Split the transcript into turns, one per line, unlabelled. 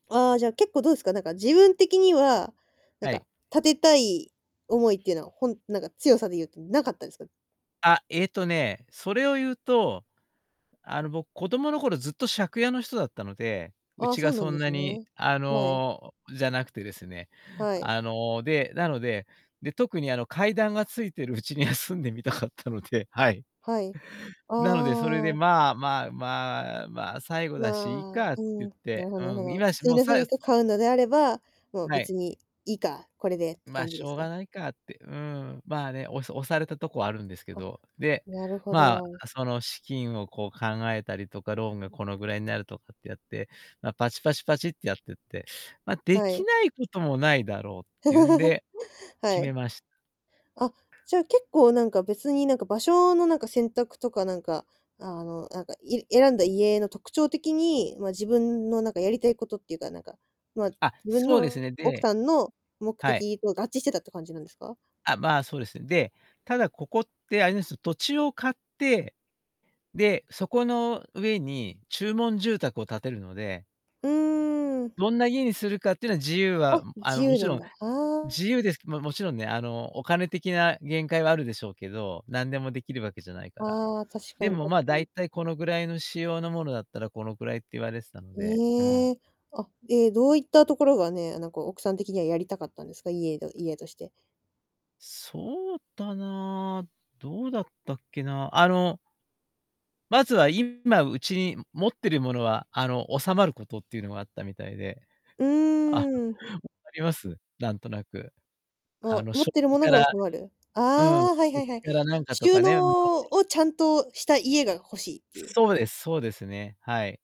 ああ、じゃ、結構、どうすか？なんか自分的には、なん
は
か、
い。
建てたい思いってのは、ほんなんか強さで言うと、無かったです？
あ、えっとね、それを言うと、あの、僕、子供の頃ずっと借家の人だったので、う
ああ、
ち
そ
が
うな
そ
ん
ん
です
なに、
ね。
あ
はい。
の、じゃなくてですね、
はい。
あの、で、なので、で、特に、あの、階段がついてるうちには住んでみたかったので、はい。
はい、
なので、それで、
ああ。
まあまあまあ、ま、最後だしいい
まあ、
かっ
う
て言
ん、
っ
な
て、
るほどなるほ
うん、
ど。
今、し
終
もう、
の
さ
棲
い
家、買うのであれば、もう
はい。
別にいいか、これでって
ま、
感じ
し
です
ょうが
か？
ないかって、うん、まあ、ね、おさ押されたとこはあるんですけ
は、
ど、で、
なるほ
まあ、
ど。
あ、その、資金をこう考えたりとか、ローンがこのぐらいになるとかってやって、ま、パチパチパチってやってって、ま、で
は
き
い。
ないこともないだろうっていうん で、
は
決め
い。
まし
あ、じゃ、結構、なんか、別になんか、場所のなんか、選択とかなんか、あの、なんか、い選んだ家の特徴的に、ま、自分のなんかやりたいことっていうか、なんか、ま、
あ、
自分
そうです
の
ね。
奥
で
さんの目
はい。
的と合致してたって感じなんですか？
あ、まあ、そうです。で、ただ、ここってあれです、土地を買って、で、そこの上に注文住宅を建てるので
うーん。
どんな家にするかってのは自由は、
あ、
ん、あ
自
の、も
由
ち
な
ろ
ん
ん、
だ。ああ。
自由です。ま、もちろんね、あの、お金的な限界はあるでしょうけど、なんでもできるわけじゃないから。
ああ、確か
で
に
も、
確
ま、
か
だ
に。
いたいこのぐらいの仕様のものだったら、このくらいって言われてたので、うん。
ええ、あ、ええ、どういったところがね、あ、なんか奥さん的にはやりたかったんですか？家が家として。
そうだなあ、どうだったっけな、あのまずは、今、うちに、ん、持ってるものは、あの、収まることってゆうのがあったみたいで
う
あ、わ
ーん。
かります？なんとなく。あ
あ、
の、
持っ
食
てる
器
もの
か
が
ら、
収まる。あ
うん、
あ、はいは
食
いはい。
器からなんかと
収
かね、諸々
納をちゃんとした家が欲しいっていう
そうです、そうですね。はい。